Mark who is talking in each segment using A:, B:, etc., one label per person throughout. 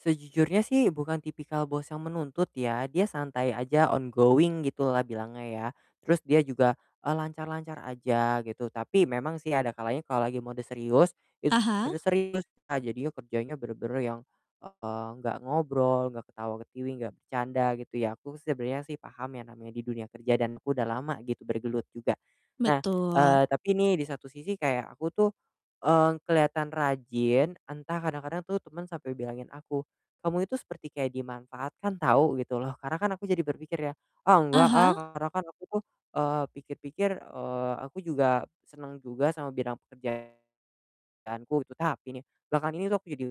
A: Sejujurnya sih bukan tipikal bos yang menuntut ya. Dia santai aja, on going, gitulah bilangnya ya. Terus dia juga, eee, lancar-lancar aja, gitu. Tapi memang sih ada kalanya kalau lagi mode serius, itu
B: Ah
A: mode
B: hah.
A: serius, a jadinya kerjanya benar-benar yang, eee, nggak ngobrol, nggak ketawa-ketiwi, nggak bercanda, gitu ya. Aku sebenernya sih paham ya namanya di dunia kerja dan aku udah lama, gitu, bergelut juga. Nah, eee,
B: Betul
A: tapi nih di satu sisi kayak aku tuh, eee, kelihatan rajin, entah kadang-kadang tuh temen sampai bilangin aku, "Kamu itu seperti kayak dimanfaatkan, tau." Gitu loh. Karena kan aku jadi berpikir ya, "Ah,
B: Ah
A: enggak, ah."
B: hah.
A: Karena kan aku tuh, eee, pikir-pikir, eee, aku juga seneng juga sama bidang pekerjaanku itu. Tapi nih belakangan ini tuh aku jadi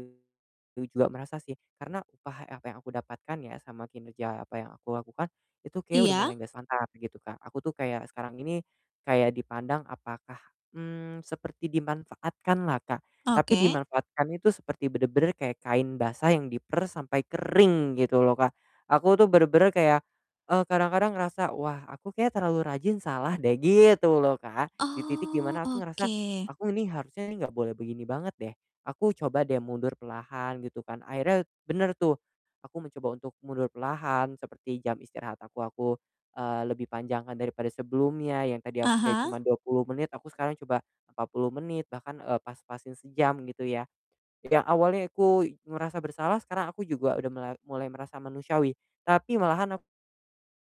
A: u juga merasa sih. Karena upah ek yang yang aku dapatkan ya sama kinerja, ya apa yang aku lakukan, itu kayaknya udah
B: Iya.
A: mulai nggak santai gitu, Kak. Aku tuh kayak sekarang ini, kayak dipandang apakah, mmm, seperti dimanfaatkan lah, Kak. Tapi
B: Oke.
A: dimanfaatkannya tuh seperti bener-bener kayak kain basah yang diperas sampai kering, gitu loh, Kak. Aku tuh benar-benar kayak e kadang-kadang ngerasa, "Wah, aku kayaknya terlalu rajin salah deh." Gitu loh, Kak. Di titik
B: Oh,
A: dimana aku ngerasa,
B: oke.
A: aku nih harusnya nih enggak boleh begini banget deh. Aku coba deh mundur perlahan, gitu kan. Akhirnya bener tuh. Aku mencoba untuk mundur perlahan seperti jam istirahat aku aku, eee, lebih panjangkan daripada sebelumnya, yang tadi aku
B: Ah
A: kayak
B: hah.
A: cuma 20 menit aku sekarang coba 40 menit, bahkan e pas-pasin sejam, gitu ya. Yang awalnya aku ngerasa bersalah sekarang aku juga udah melar mulai merasa manusiawi tapi malahan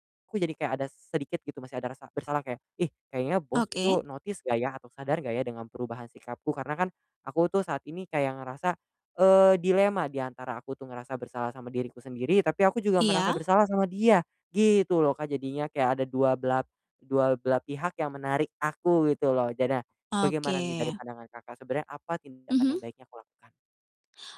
A: aku jadi kayak ada sedikit, gitu, masih ada rasa bersalah kayak, "Ih, kayaknya bos
B: Oke.
A: itu notice nggak ya atau sadar nggak ya dengan perubahan sikapku?" Karena kan aku tuh saat ini kayak ngerasa, eee, dilema diantara aku tuh ngerasa bersalah sama diriku sendiri tapi aku juga merasa
B: Iya.
A: bersalah sama dia, gitu loh, Kak, jadinya. Kayak ada 2 belap dual belah pihak yang menarik aku, gitu loh. Jadi, bagaimana nih dari
B: Oke.
A: pandangan Kakak, sebenarnya apa tindakan yang
B: Mhm.
A: baiknya kulakukan?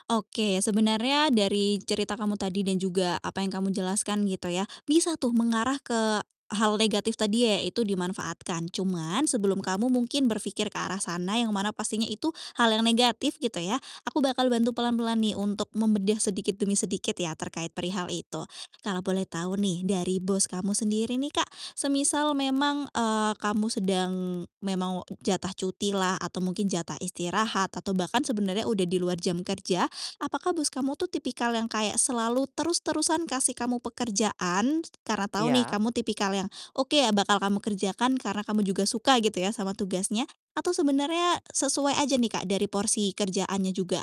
B: Oke. Sebenarnya dari cerita kamu tadi dan juga apa yang kamu jelaskan, gitu ya, bisa tuh mengarah ke hal negatif tadi yaitu dimanfaatkan. Cuman sebelum kamu mungkin berpikir ke arah sana yang mana pastinya itu hal yang negatif, gitu ya, aku bakal bantu pelan-pelan nih untuk membedah sedikit demi sedikit ya, terkait perihal itu. Kalau boleh tahu nih dari bos kamu sendiri nih, Kak, semisal memang, eee, kamu sedang memang jatah cuti lah atau mungkin jatah istirahat atau bahkan sebenarnya udah di luar jam kerja. Apakah bos kamu tuh tipikal yang kayak selalu terus-terusan kasih kamu pekerjaan, t t karena tahu nih
A: Iya?
B: kamu tipikal yang, oke, ya bakal kamu kerjakan, karena kamu juga suka, gitu ya, sama tugasnya. Atau sebenarnya sesuai aja nih, Kak, dari porsi kerjaannya juga?